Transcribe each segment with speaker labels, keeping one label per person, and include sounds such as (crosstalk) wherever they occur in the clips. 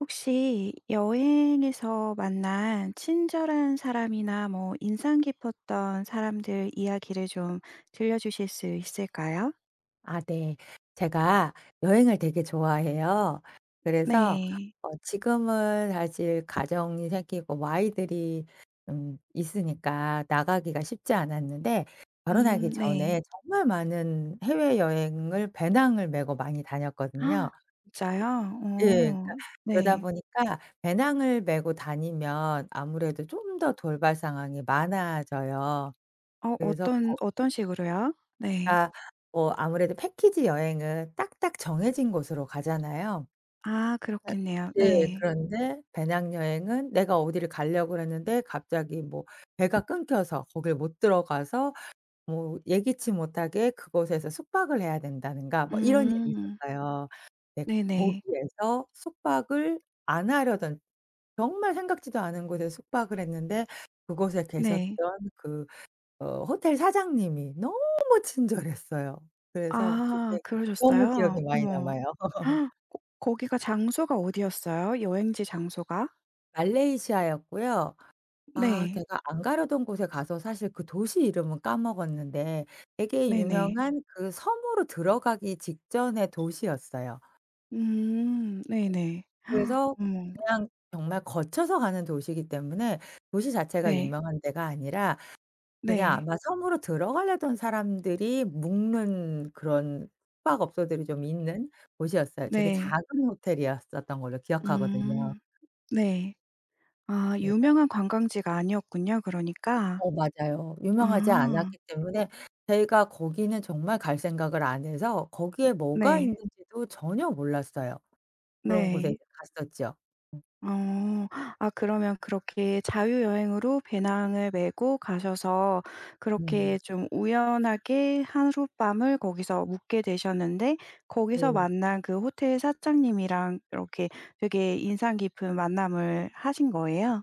Speaker 1: 혹시 여행에서 만난 친절한 사람이나 뭐 인상 깊었던 사람들 이야기를 좀 들려주실 수 있을까요?
Speaker 2: 아 네. 제가 여행을 되게 좋아해요. 그래서
Speaker 1: 네.
Speaker 2: 어 지금은 사실 가정이 생기고 뭐 아이들이 음 있으니까 나가기가 쉽지 않았는데 결혼하기
Speaker 1: 음 네.
Speaker 2: 전에 정말 많은 해외여행을 배낭을 메고 많이 다녔거든요.
Speaker 1: (gasps) 진짜요?
Speaker 2: 예. 그러니까
Speaker 1: 어
Speaker 2: 그러다
Speaker 1: 네.
Speaker 2: 보니까 배낭을 메고 다니면 아무래도 좀 더 돌발 상황이 많아져요.
Speaker 1: 어
Speaker 2: 그래서
Speaker 1: 어떤
Speaker 2: 거
Speaker 1: 어떤 식으로요? 네.
Speaker 2: 그러니까 뭐 아무래도 패키지여행은 딱딱 정해진 곳으로 가잖아요.
Speaker 1: 아
Speaker 2: 앗
Speaker 1: 그렇겠네요.
Speaker 2: 네
Speaker 1: 네.
Speaker 2: 그런데 배낭여행은 내가 어디를 가려고 그랬는데 갑자기 뭐 배가 끊겨서 거기를 못 들어가서 뭐 예기치 못하게 그곳에서 숙박을 해야 된다든가 뭐 이런 일이
Speaker 1: 음.
Speaker 2: 있었어요. 근데
Speaker 1: 네네.
Speaker 2: 거기에서 숙박을 안 하려던 정말 생각지도 않은 곳에서 숙박을 했는데 그곳에 계셨던
Speaker 1: 네.
Speaker 2: 그 어 호텔 사장님이 너무 친절했어요. 그래서
Speaker 1: 아
Speaker 2: 그게 너무
Speaker 1: 그러셨어요.
Speaker 2: 기억이 많이
Speaker 1: 어머.
Speaker 2: 남아요. (laughs)
Speaker 1: (gasps) 거 거기가 장소가 어디였어요? 여행지 장소가?
Speaker 2: 말레이시아였고요. 아
Speaker 1: 네.
Speaker 2: 제가 안 가려던 곳에 가서 사실 그 도시 이름은 까먹었는데 되게
Speaker 1: 네네.
Speaker 2: 유명한 그 섬으로 들어가기 직전의 도시였어요.
Speaker 1: 음. 네네. (gasps)
Speaker 2: 그래서
Speaker 1: 어머.
Speaker 2: 그냥 정말 거쳐서 가는 도시이기 때문에 도시 자체가
Speaker 1: 네.
Speaker 2: 유명한 데가 아니라 그냥
Speaker 1: 네.
Speaker 2: 아마 섬으로 들어가려던 사람들이 묵는 그런 숙박업소들이 좀 있는 곳이었어요. 되게
Speaker 1: 네.
Speaker 2: 작은 호텔이었던 걸로 기억하거든요.
Speaker 1: 음. 네. 아
Speaker 2: 그래서
Speaker 1: 유명한 관광지가 아니었군요 그러니까.
Speaker 2: 어 맞아요. 유명하지
Speaker 1: 아.
Speaker 2: 않았기 때문에 저희가 거기는 정말 갈 생각을 안 해서 거기에 뭐가
Speaker 1: 네.
Speaker 2: 있는지도 전혀 몰랐어요. 그런 곳에 이제
Speaker 1: 네.
Speaker 2: 갔었죠. 음.
Speaker 1: 어. 아 그러면 그렇게 자유여행으로 배낭을 메고 가셔서 그렇게
Speaker 2: 음.
Speaker 1: 좀 우연하게 하룻밤을 거기서 묵게 되셨는데 거기서
Speaker 2: 네.
Speaker 1: 만난 그 호텔 사장님이랑 이렇게 되게 인상 깊은 만남을 하신 거예요?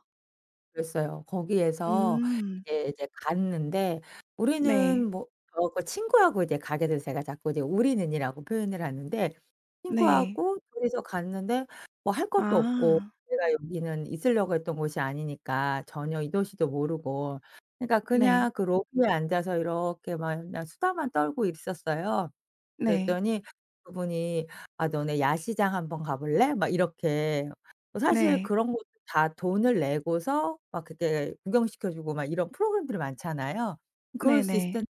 Speaker 2: 그랬어요. 거기에서
Speaker 1: 음.
Speaker 2: 이제 이제 갔는데
Speaker 1: 네.
Speaker 2: 우리는 뭐 저하고 친구하고 이제 가게 돼서 제가 자꾸 이제 우리는이라고 표현을 하는데
Speaker 1: 네.
Speaker 2: 친구하고 2 이서 갔는데 뭐 할 것도 없고
Speaker 1: 아.
Speaker 2: 내가 여기는 있으려고 했던 곳이 아니니까 전혀 이 도시도 모르고. 그러니까
Speaker 1: 네.
Speaker 2: 그냥 그 로비에 앉아서 이렇게 막 그냥 수다만 떨고 있었어요.
Speaker 1: 네.
Speaker 2: 그랬더니 그분이 "아 너네 야시장 한번 가 볼래?" 막 이렇게. 뭐 사실
Speaker 1: 네.
Speaker 2: 그런 것도 다 돈을 내고서 막 그때 구경시켜 주고 막 이런 프로그램들이 많잖아요. 그럴 수 있을
Speaker 1: 네네.
Speaker 2: 텐데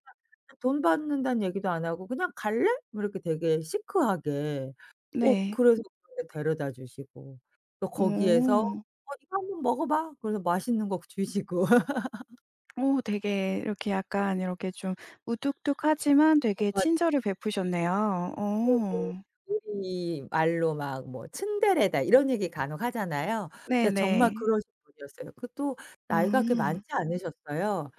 Speaker 2: 그냥 돈 받는단 얘기도 안 하고 그냥 "갈래?" 뭐 이렇게 되게 시크하게. 어
Speaker 1: 네.
Speaker 2: 그래서 근데 데려다 주시고 또 거기에서 어
Speaker 1: 오.
Speaker 2: "이거 한번 먹어 봐." 그래서 맛있는 거 주시고. (laughs)
Speaker 1: 오 되게 이렇게 약간 이렇게 좀 무뚝뚝하지만
Speaker 2: 어
Speaker 1: 되게
Speaker 2: 맞
Speaker 1: 친절을 베푸셨네요.
Speaker 2: (unintelligible)
Speaker 1: 어.
Speaker 2: 우리말로 막 뭐 "츤데레다." 이런 얘기 간혹 하잖아요. 예 정말
Speaker 1: 네네.
Speaker 2: 그러신 분이었어요. 그것도 나이가 그렇게 많지
Speaker 1: 아.
Speaker 2: 않으셨어요.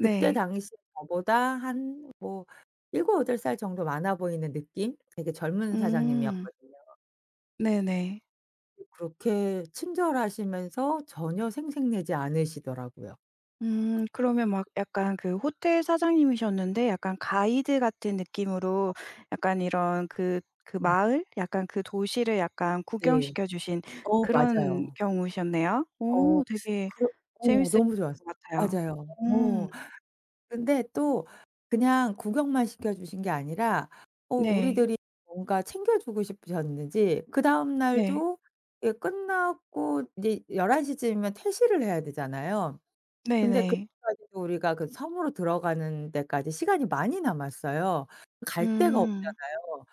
Speaker 2: 그때 당시 저보다 한 뭐 7-8 살 정도 많아 보이는 느낌? 되게 젊은
Speaker 1: 음.
Speaker 2: 사장님이었거든요.
Speaker 1: 네네.
Speaker 2: 그렇게 친절하시면서 전혀 생색내지 않으시더라고요.
Speaker 1: 음. 그러면 막 약간 그 호텔 사장님이셨는데 약간 가이드 같은
Speaker 2: 어.
Speaker 1: 느낌으로 약간 이런 그 그
Speaker 2: 엄.
Speaker 1: 마을? 약간 그 도시를 약간
Speaker 2: 네.
Speaker 1: 구경시켜 주신
Speaker 2: 어
Speaker 1: 그런
Speaker 2: 맞아요.
Speaker 1: 경우셨네요.
Speaker 2: 어
Speaker 1: 어 되게
Speaker 2: 그렇 어
Speaker 1: 재미있을
Speaker 2: 너무 좋았어.
Speaker 1: 것 같아요.
Speaker 2: 맞아요.
Speaker 1: 오.
Speaker 2: 어. 근데 또 그냥 구경만 시켜 주신 게 아니라 어
Speaker 1: 네.
Speaker 2: 우리들이 뭔가 챙겨 주고 싶으셨는지 그다음
Speaker 1: 네.
Speaker 2: 날도 예 끝나고 이제 11:00 쯤이면 퇴실을 해야 되잖아요. 근데 그래
Speaker 1: 네네.
Speaker 2: 가지고 우리가 그 섬으로 들어가는 데까지 시간이 많이 남았어요. 갈 데가
Speaker 1: 음.
Speaker 2: 없잖아요.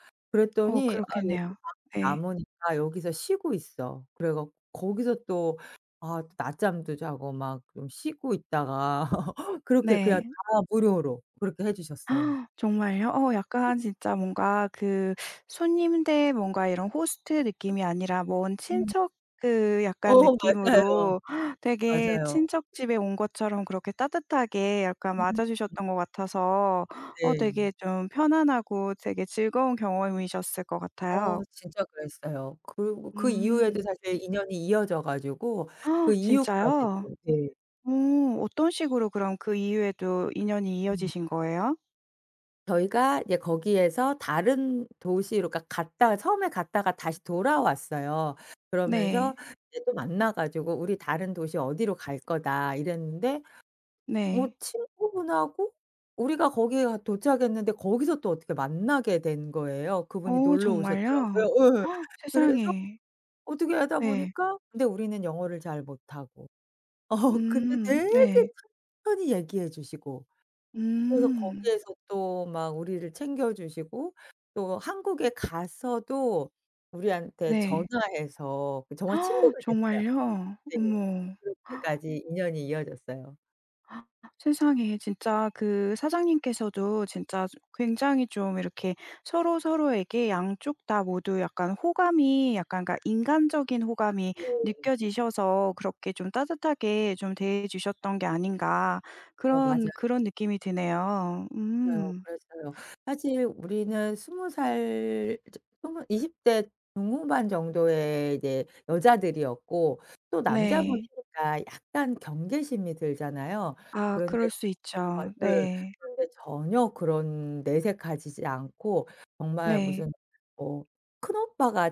Speaker 1: 어
Speaker 2: 그랬더니 "아 여기
Speaker 1: 그렇겠네요.
Speaker 2: 방
Speaker 1: 예.
Speaker 2: 남으니까 여기서 쉬고 있어." 그래 갖 거기서 또 아 낮잠도 자고 막 좀 쉬고 있다가 (laughs) 그렇게 그냥
Speaker 1: 네.
Speaker 2: 다 무료로 그렇게 해 주셨어요.
Speaker 1: (gasps) 정말요? 어
Speaker 2: 네.
Speaker 1: 약간 진짜 뭔가 그 손님들 뭔가 이런 호스트 느낌이 아니라 먼
Speaker 2: 음.
Speaker 1: 친척 그
Speaker 2: 어
Speaker 1: 약간
Speaker 2: 맞아요.
Speaker 1: 느낌으로 되게
Speaker 2: 맞아요.
Speaker 1: 친척 집에 온 것처럼 그렇게 따뜻하게 약간
Speaker 2: 음.
Speaker 1: 맞아
Speaker 2: 음.
Speaker 1: 주셨던 것 같아서 어
Speaker 2: 네.
Speaker 1: 되게 좀 편안하고 되게 즐거운 경험이셨을 것 같아요.
Speaker 2: 어 진짜 그랬어요. 그리고 그 이후에도
Speaker 1: 음.
Speaker 2: 사실 인연이 이어져 가지고 그
Speaker 1: (gasps) 진짜요?
Speaker 2: 이후까지도 이제
Speaker 1: 오. 어떤 식으로 그럼 그 이후에도 인연이
Speaker 2: 음.
Speaker 1: 이어지신 거예요?
Speaker 2: 저희가 이제 거기에서 다른 도시로 그러니까 갔다가 처음에 갔다가 다시 돌아왔어요. 그러면서
Speaker 1: 네.
Speaker 2: 이제 또 만나 가지고 "우리 다른 도시 어디로 갈 거다." 이랬는데 어
Speaker 1: 네.
Speaker 2: 친구분하고 우리가 거기에 가 도착했는데 거기서 또 어떻게 만나게 된 거예요. 그분이
Speaker 1: 어
Speaker 2: 놀러 오셨더라고요.
Speaker 1: 정말요?
Speaker 2: 예.
Speaker 1: (gasps)
Speaker 2: 그래서
Speaker 1: 세상에.
Speaker 2: 어떻게 하다
Speaker 1: 네.
Speaker 2: 보니까 근데 우리는 영어를 잘 못하고. (laughs) 근데
Speaker 1: 음.
Speaker 2: 되게
Speaker 1: 네.
Speaker 2: 천천히 얘기해 주시고. 그래서
Speaker 1: 음.
Speaker 2: 거기에서 또 막 우리를 챙겨 주시고 또 한국에 가서도 우리한테
Speaker 1: 네.
Speaker 2: 전화해서 그 정말 친구가
Speaker 1: (gasps)
Speaker 2: 됐어요.
Speaker 1: 정말요?
Speaker 2: 네.
Speaker 1: 어머. (gasps)
Speaker 2: 그렇게까지 인연이 이어졌어요.
Speaker 1: 세상에 진짜 그 사장님께서도 진짜 좀 굉장히 좀 이렇게 서로 서로에게 양쪽 다 모두 약간 호감이 약간 그러니까 '인간적인 호감이
Speaker 2: 네.
Speaker 1: 느껴지셔서 그렇게 좀 따뜻하게 좀 대해 주셨던 게 아닌가.'
Speaker 2: 어
Speaker 1: 그런,
Speaker 2: 맞아요.
Speaker 1: 그런 느낌이 드네요.
Speaker 2: 맞아요.
Speaker 1: 음.
Speaker 2: 그랬어요. 사실 우리는 20 살 이제 20 20 대 중후반 정도의 이제 여자들이었고 또
Speaker 1: 네.
Speaker 2: 남자분이니까 약간 경계심이 들잖아요.
Speaker 1: 아
Speaker 2: 그런데
Speaker 1: 그럴 수
Speaker 2: 전 아
Speaker 1: 있죠.
Speaker 2: 예
Speaker 1: 네.
Speaker 2: 그런데 전혀 그런 내색하시지 않고 정말
Speaker 1: 네.
Speaker 2: 무슨 어 큰오빠가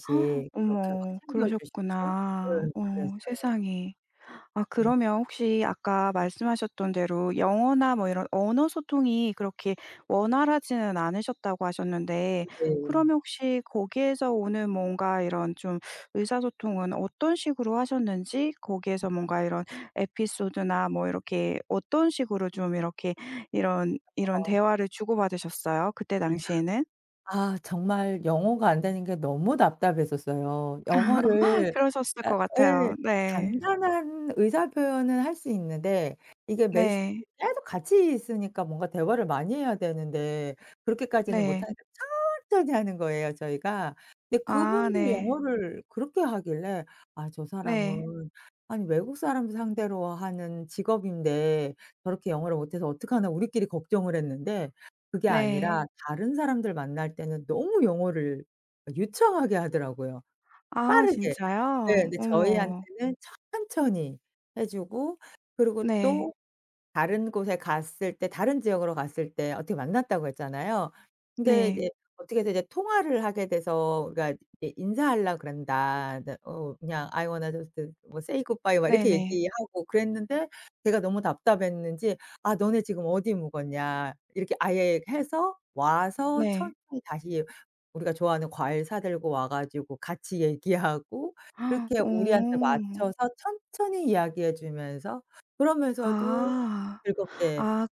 Speaker 1: (gasps)
Speaker 2: 그렇게 막
Speaker 1: 어머
Speaker 2: 챙겨 주시고
Speaker 1: 그러셨구나.
Speaker 2: 예
Speaker 1: 어
Speaker 2: 그랬어요.
Speaker 1: 세상에. 아
Speaker 2: 음.
Speaker 1: 그러면 혹시 아까 말씀하셨던 대로 영어나 뭐 이런 언어 소통이 그렇게 원활하지는 않으셨다고 하셨는데
Speaker 2: 음 네.
Speaker 1: 그러면 혹시 거기에서 오는 뭔가 이런 좀 의사소통은 어떤 식으로 하셨는지 거기에서
Speaker 2: (unintelligible)
Speaker 1: 뭔가 이런 에피소드나 뭐 이렇게 어떤 식으로 좀 이렇게 이런, 이런
Speaker 2: 어.
Speaker 1: 대화를 주고 받으셨어요 그때
Speaker 2: 네
Speaker 1: 당시에는?
Speaker 2: 아. 아 정말 영어가 안 되는 게 너무 답답했었어요.
Speaker 1: (laughs)
Speaker 2: 영어를
Speaker 1: 그러셨을
Speaker 2: 그러니까
Speaker 1: 것
Speaker 2: 예.
Speaker 1: 같아요. 네.
Speaker 2: 간단한 의사 표현은 할 수 있는데 이게 메시지
Speaker 1: 네.
Speaker 2: 짤막 같이 있으니까 뭔가 대화를 많이 해야 되는데 그렇게까지는
Speaker 1: 네.
Speaker 2: 못하니까 천천히 하는 거예요 저희가. 근데
Speaker 1: 아
Speaker 2: 그분도
Speaker 1: 네.
Speaker 2: 영어를 그렇게 하길래 '아 저
Speaker 1: 네.
Speaker 2: 사람은 아니 외국 사람들 상대로 하는 직업인데 저렇게 영어를 못해서 어떡하나.' 우리끼리 걱정을 했는데 그게
Speaker 1: 네.
Speaker 2: 아니라 다른 사람들 만날 때는 너무 영어를 어 유창하게 하더라고요.
Speaker 1: 아
Speaker 2: 빠르게. 예.
Speaker 1: 진짜요?
Speaker 2: 근데
Speaker 1: 어머.
Speaker 2: 저희한테는 천천히 해 주고 그리고
Speaker 1: 네.
Speaker 2: 또 다른 곳에 갔을 때 다른 지역으로 갔을 때 어떻게 만났다고 했잖아요. 근데
Speaker 1: 네.
Speaker 2: 이제 어떻게 해서 이제 통화를 하게 돼서 우리가 인사하려고 그런다. 네 어 그냥 "I wanna just" 뭐 "say good bye." 막 이렇게
Speaker 1: 네네.
Speaker 2: 얘기하고 그랬는데 제가 너무 답답했는지 "아 너네 지금 어디 묵었냐?" 이렇게 아예 해서 와서
Speaker 1: 네.
Speaker 2: 천천히 다시 우리가 좋아하는 과일 사 들고 와 가지고 같이 얘기하고
Speaker 1: (gasps)
Speaker 2: 그렇게 우리한테
Speaker 1: 오.
Speaker 2: 맞춰서 천천히 이야기해 주면서 그러면서도
Speaker 1: 아.
Speaker 2: 즐겁게
Speaker 1: 아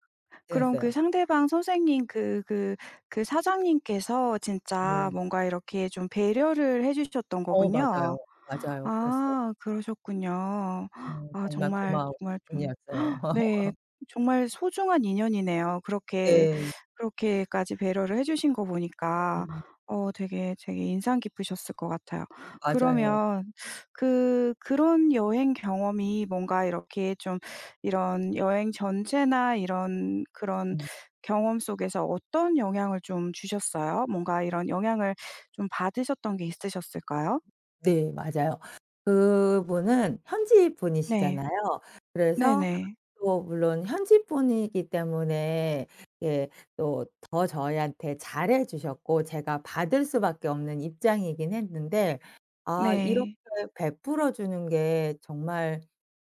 Speaker 1: 그럼 그
Speaker 2: 대했어요.
Speaker 1: 상대방 선생님 그 그 그 사장님께서 진짜
Speaker 2: 네.
Speaker 1: 뭔가 이렇게 좀 배려를 해 주셨던
Speaker 2: 어 맞아요.
Speaker 1: 거군요.
Speaker 2: 맞아요. 그랬어요.
Speaker 1: 아 그러셨군요.
Speaker 2: 네
Speaker 1: 아
Speaker 2: 정말
Speaker 1: 정말
Speaker 2: 고마우신
Speaker 1: 정말 좀
Speaker 2: 분이었어요.
Speaker 1: (gasps) 네
Speaker 2: (laughs)
Speaker 1: 정말 소중한 인연이네요. 그렇게,
Speaker 2: 네.
Speaker 1: 그렇게까지 배려를 해 주신 거 보니까
Speaker 2: 네.
Speaker 1: 어 되게, 되게 인상 깊으셨을 것 같아요.
Speaker 2: 음 맞아요.
Speaker 1: 그러면 그, 그런 여행 경험이 뭔가 이렇게 좀 이런 여행 전체나 이런 그런
Speaker 2: 음.
Speaker 1: 경험 속에서 어떤 영향을 좀 주셨어요? 뭔가 이런 영향을 좀 받으셨던 게 있으셨을까요?
Speaker 2: 네 맞아요. 그분은 현지
Speaker 1: 네.
Speaker 2: 분이시잖아요 그래서
Speaker 1: 네네.
Speaker 2: 또 물론 현지분이기 때문에 예 또 저희한테 잘 해 주셨고 제가 받을 수밖에 없는 입장이긴 했는데 '아 이렇게
Speaker 1: 네.
Speaker 2: 베풀어 주는 게 정말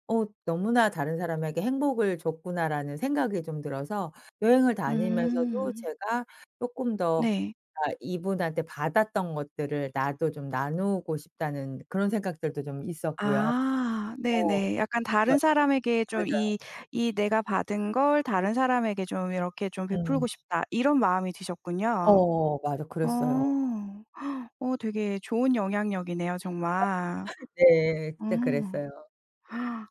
Speaker 2: 어 너무나 다른 사람에게 행복을 줬구나.'라는 생각이 좀 들어서 여행을 다니면서도
Speaker 1: 음.
Speaker 2: 제가 쪼끔 더
Speaker 1: 네.
Speaker 2: '아 이분한테 받았던 것들을 나도 좀 나누고 싶다.'는 그런 생각들도 좀 있었고요.
Speaker 1: 아.
Speaker 2: 어
Speaker 1: 네네. 약간 '다른
Speaker 2: 그러니까
Speaker 1: 사람에게 좀
Speaker 2: 맞아요.
Speaker 1: 이, 이 내가 받은 걸 다른 사람에게 좀 이렇게 좀
Speaker 2: 음.
Speaker 1: 베풀고 싶다.' 이런 마음이 드셨군요.
Speaker 2: 어 맞아.
Speaker 1: 어.
Speaker 2: 그랬어요.
Speaker 1: (gasps) 어 되게 좋은 영향력이네요 정말.
Speaker 2: (laughs) 네
Speaker 1: 어.
Speaker 2: 그때 그랬어요.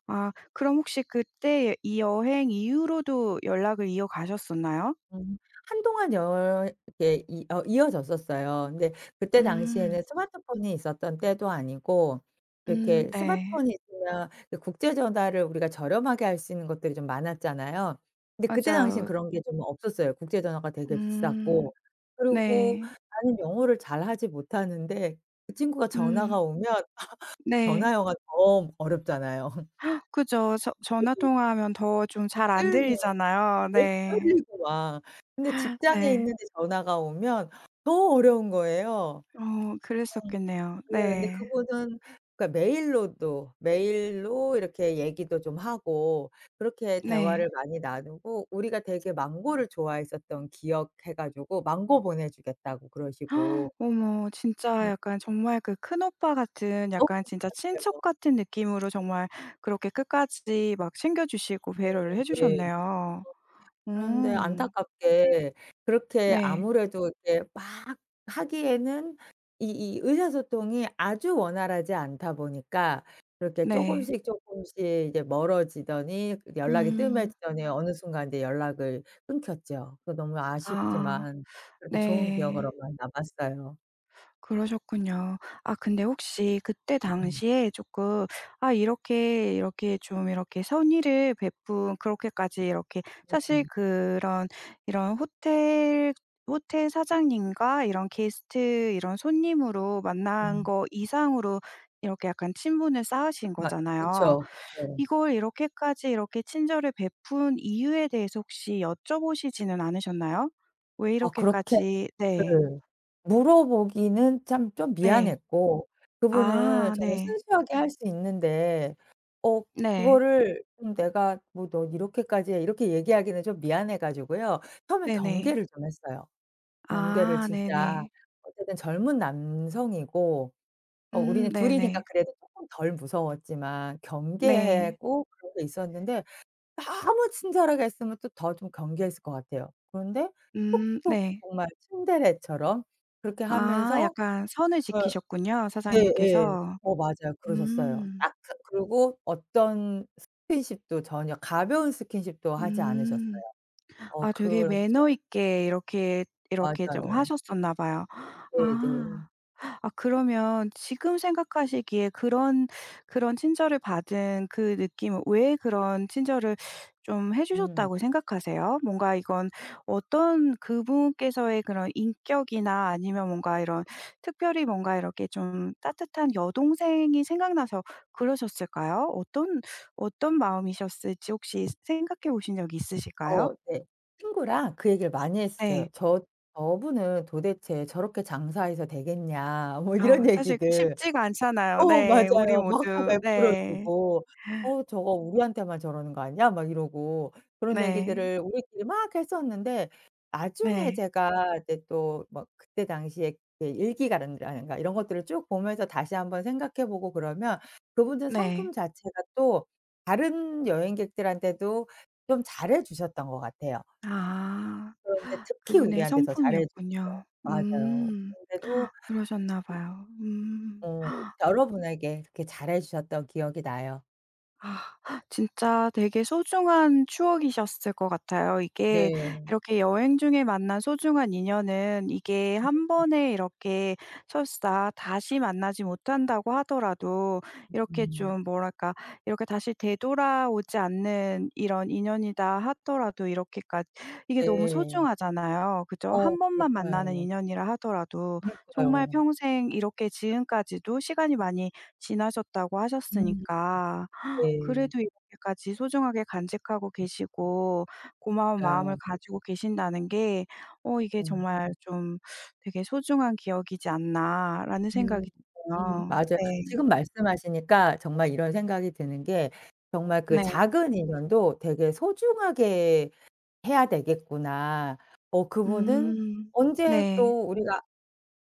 Speaker 1: 아 그럼 혹시 그때의 이 여행 이후로도 연락을 이어가셨었나요?
Speaker 2: 음. 한동안 연 이렇게 이 어 이어졌었어요. 근데 그때
Speaker 1: 음.
Speaker 2: 당시에는 스마트폰이 있었던 때도 아니고
Speaker 1: 음
Speaker 2: 이렇게
Speaker 1: 네.
Speaker 2: 스마트폰이 있으면 이 국제 전화를 우리가 저렴하게 할 수 있는 것들이 좀 많았잖아요. 근데 그때 당시에는
Speaker 1: 맞아요.
Speaker 2: 그런 게 좀 없었어요. 국제 전화가 되게
Speaker 1: 음.
Speaker 2: 비쌌고 그리고
Speaker 1: 네.
Speaker 2: 나는 영어를 잘하지 못하는데 그 친구가
Speaker 1: 음.
Speaker 2: 전화가 오면 (laughs) 전화
Speaker 1: 네.
Speaker 2: 영어가 더 어렵잖아요. (laughs)
Speaker 1: (gasps) 그쵸. 저 전화 통화하면 더 좀 잘 안
Speaker 2: 네네.
Speaker 1: 들리잖아요.
Speaker 2: 더
Speaker 1: 네.
Speaker 2: 떨리고 막. 그런데 직장에
Speaker 1: 네.
Speaker 2: 있는데 전화가 오면 너무 어려운 거예요.
Speaker 1: 어
Speaker 2: 음.
Speaker 1: 그랬었겠네요.
Speaker 2: 예 근데
Speaker 1: 네.
Speaker 2: 그분은 그러니까 메일로도 메일로 이렇게 얘기도 좀 하고 그렇게
Speaker 1: 네.
Speaker 2: 대화를 많이 나누고 우리가 되게 망고를 좋아했었던 기억해 가지고 '망고 보내 주겠다.'고 그러시고
Speaker 1: (gasps) 어머 진짜
Speaker 2: 음.
Speaker 1: 약간 정말 그 큰오빠 같은
Speaker 2: 어으.
Speaker 1: 약간 진짜
Speaker 2: 맞아요.
Speaker 1: 친척 같은 느낌으로 정말 그렇게 끝까지 막 챙겨주시고
Speaker 2: 네.
Speaker 1: 배려를 해
Speaker 2: 네. 어
Speaker 1: 주셨네요. 오.
Speaker 2: 그런데 안타깝게 그렇게
Speaker 1: 네.
Speaker 2: 아무래도 이제 막 하기에는 이 이 의사소통이 아주 원활하지 않다 보니까 그렇게
Speaker 1: 네.
Speaker 2: 쪼금씩 쪼금씩 이제 멀어지더니 그 연락이
Speaker 1: 음.
Speaker 2: 뜸해지더니 어느 순간 이제 연락을 끊겼죠. 그 너무
Speaker 1: 아.
Speaker 2: 아쉽지만 그렇게 좋은
Speaker 1: 네.
Speaker 2: 기억으로만 남았어요.
Speaker 1: 그러셨군요. 아 근데 혹시 그때
Speaker 2: 음.
Speaker 1: 당시에 쪼끔 아 이렇게 이렇게 좀 이렇게 선의를 베푼 그렇게까지 이렇게 사실
Speaker 2: 음음.
Speaker 1: 그런 이런 호텔 호텔 사장님과 이런 게스트 이런 손님으로 만난
Speaker 2: 음.
Speaker 1: 거 이상으로 이렇게 약간 친분을 쌓으신
Speaker 2: 맞
Speaker 1: 거잖아요.
Speaker 2: 그쵸, 그쵸.
Speaker 1: 이걸 이렇게까지 이렇게 친절을 베푼 이유에 대해서 혹시 여쭤보시지는 않으셨나요? 왜
Speaker 2: 아 그렇게
Speaker 1: 이렇게까지 네.
Speaker 2: 예 물어보기는 참 좀
Speaker 1: 네.
Speaker 2: 미안했고 그분은
Speaker 1: 아
Speaker 2: 정말
Speaker 1: 네.
Speaker 2: 순수하게 할 수 있는데 어
Speaker 1: 네.
Speaker 2: 그거를 음 내가 뭐 "너 이렇게까지 해." 이렇게 얘기하기는 좀 미안해 가지고요 처음엔
Speaker 1: 네네.
Speaker 2: 경계를 좀 했어요. 경계를
Speaker 1: 아
Speaker 2: 진짜
Speaker 1: 네네.
Speaker 2: 어쨌든 젊은 남성이고 어
Speaker 1: 음
Speaker 2: 우리는 2 이니까
Speaker 1: 네네.
Speaker 2: 그래도 쪼끔 덜 무서웠지만
Speaker 1: 네.
Speaker 2: 경계하고 그러고 있었는데 너무 친절하게 했으면 또 더 좀 경계했을 것 같아요. 그런데
Speaker 1: 음
Speaker 2: 툭툭
Speaker 1: 네.
Speaker 2: 정말 츤데레처럼 그렇게
Speaker 1: 아
Speaker 2: 하면서
Speaker 1: 약간 선을
Speaker 2: 예.
Speaker 1: 지키셨군요
Speaker 2: 네예.
Speaker 1: 사장님께서.
Speaker 2: 어 맞아요. 그러셨어요.
Speaker 1: 음.
Speaker 2: 아 그 그리고 어떤 스킨십도 전혀 가벼운 스킨십도 하지 않으셨어요.
Speaker 1: 음
Speaker 2: 어
Speaker 1: 아 되게 매너
Speaker 2: 그렇죠.
Speaker 1: 있게 이렇게 이렇게 좀
Speaker 2: 맞아요.
Speaker 1: 하셨었나 봐요. 아
Speaker 2: 네네.
Speaker 1: 아 그러면 지금 생각하시기에 그런 그런 친절을 받은 그 느낌은 왜 그런 친절을 좀 해
Speaker 2: 음.
Speaker 1: 주셨다고 생각하세요? 뭔가 이건 어떤 그분께서의 그런 인격이나 아니면 뭔가
Speaker 2: 네네.
Speaker 1: 이런 특별히 뭔가 이렇게 좀 따뜻한 여동생이 생각나서 그러셨을까요? 어떤 어떤 마음이셨을지 혹시 생각해 보신 적이 있으실까요?
Speaker 2: 어 네. 친구랑 그 얘기를 많이
Speaker 1: 네.
Speaker 2: 했어요. "저 저분은 도대체 저렇게 장사해서 되겠냐." 뭐
Speaker 1: 아
Speaker 2: 이런
Speaker 1: 사실
Speaker 2: 얘기들
Speaker 1: 쉽지가 않잖아요,
Speaker 2: 어
Speaker 1: 네 우리
Speaker 2: 맞아요. 막 다
Speaker 1: 모두
Speaker 2: 베풀어
Speaker 1: 네.
Speaker 2: 주고
Speaker 1: (inhales)
Speaker 2: "어 저거 우리한테만 저러는 거 아니야?" 막 이러고 그런
Speaker 1: 네.
Speaker 2: 얘기들을 우리끼리 막 했었는데 나중에
Speaker 1: 네.
Speaker 2: 제가 이제 또 막 그때 당시에 그 일기가든가 라든가 이런 것들을 쭉 보면서 다시 1 번 생각해 보고 그러면 그분의
Speaker 1: 네.
Speaker 2: 성품 자체가 또 다른 여행객들한테도 좀 잘해 주셨던 것 같아요.
Speaker 1: 아
Speaker 2: 그런데 특히
Speaker 1: 그분의
Speaker 2: 우리한테 더 잘해 주셨어요.
Speaker 1: 성품이었군요.
Speaker 2: 맞아요.
Speaker 1: 음
Speaker 2: 근데도
Speaker 1: (gasps) 그러셨나 봐요. 음.
Speaker 2: 어
Speaker 1: (gasps)
Speaker 2: 여러분에게 이렇게 잘해 주셨던 기억이 나요.
Speaker 1: 아. 진짜 되게 소중한 추억이셨을 것 같아요. 이게
Speaker 2: 네.
Speaker 1: 이렇게 여행 중에 만난 소중한 인연은 이게 1
Speaker 2: (unintelligible)
Speaker 1: 번에 이렇게 설사 다시 만나지 못한다고 하더라도 이렇게
Speaker 2: (unintelligible)
Speaker 1: 좀 뭐랄까 이렇게 "다시 되돌아오지 않는 이런 인연이다" 하더라도 이렇게까 이게 너무
Speaker 2: 네.
Speaker 1: 소중하잖아요. 그죠?
Speaker 2: 어
Speaker 1: 1 번만 만나는
Speaker 2: 그러니까요.
Speaker 1: 인연이라 하더라도 정말
Speaker 2: 그니까요.
Speaker 1: "평생 이렇게 지금까지도 시간이 많이 지나셨다"고
Speaker 2: 음.
Speaker 1: 하셨으니까
Speaker 2: 네.
Speaker 1: 그래도 이렇게까지 소중하게 간직하고
Speaker 2: 음.
Speaker 1: 계시고 고마운 마음을
Speaker 2: 맞아요.
Speaker 1: 가지고 계신다는 게 어 '이게
Speaker 2: 음.
Speaker 1: 정말 좀 되게 소중한 기억이지 않나'라는
Speaker 2: 음.
Speaker 1: 생각이
Speaker 2: 음
Speaker 1: 들어요.
Speaker 2: 맞아요.
Speaker 1: 네.
Speaker 2: 지금 말씀하시니까 정말 이런 생각이 드는 게 정말 '그
Speaker 1: 네.
Speaker 2: 작은 인연도 되게 소중하게 해야 되겠구나.' 어 그분은
Speaker 1: 음.
Speaker 2: 언제
Speaker 1: 네.
Speaker 2: 또 우리가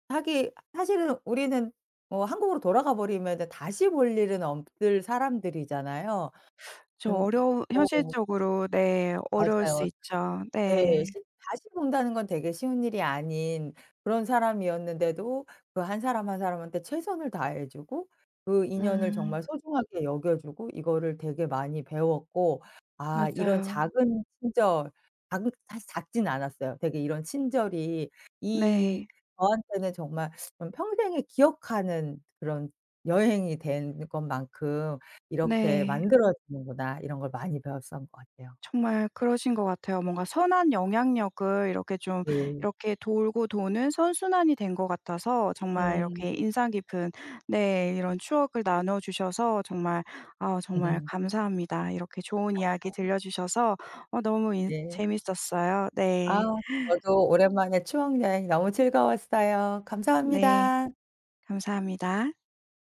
Speaker 2: 하기에 사실은 우리는 뭐 한국으로 돌아가 버리면은 다시 볼 일은 없을 사람들이잖아요.
Speaker 1: (sucks teeth) 저
Speaker 2: 근
Speaker 1: 어려운
Speaker 2: (unintelligible)
Speaker 1: 현실적으로 네 어려울 수
Speaker 2: 맞아요.
Speaker 1: 있죠.
Speaker 2: 네
Speaker 1: 네.
Speaker 2: 십 다시 본다는 건 되게 쉬운 일이 아닌 그런 사람이었는데도 그 1 사람 1 사람한테 최선을 다해 주고 그 인연을
Speaker 1: 음.
Speaker 2: 정말 소중하게 여겨 주고 이거를 되게 많이 배웠고 아 이런
Speaker 1: 맞아요.
Speaker 2: 작은 친절 작은 사실 작진 않았어요. 되게 '이런 친절이 이
Speaker 1: 네.
Speaker 2: 저한테는 정말 좀 평생에 기억하는 그런 여행이 된 것만큼 이렇게
Speaker 1: 네.
Speaker 2: 만들어지는구나' 이런 걸 많이 배웠었던 것 같아요.
Speaker 1: 정말 그러신 것 같아요. 뭔가 선한 영향력을 이렇게 좀
Speaker 2: 네.
Speaker 1: 이렇게 돌고 도는 선순환이 된 것 같아서 정말
Speaker 2: 음.
Speaker 1: 이렇게 인상 깊은 네 이런 추억을 나눠 주셔서 정말 아우 정말
Speaker 2: (laughs)
Speaker 1: 감사합니다. 이렇게 좋은 이야기
Speaker 2: 아.
Speaker 1: 들려 주셔서 어 너무 인
Speaker 2: 네.
Speaker 1: 재밌었어요. 네.
Speaker 2: 아우 저도 오랜만에 추억여행 너무 즐거웠어요.
Speaker 1: 네.
Speaker 2: 감사합니다.
Speaker 1: 감사합니다.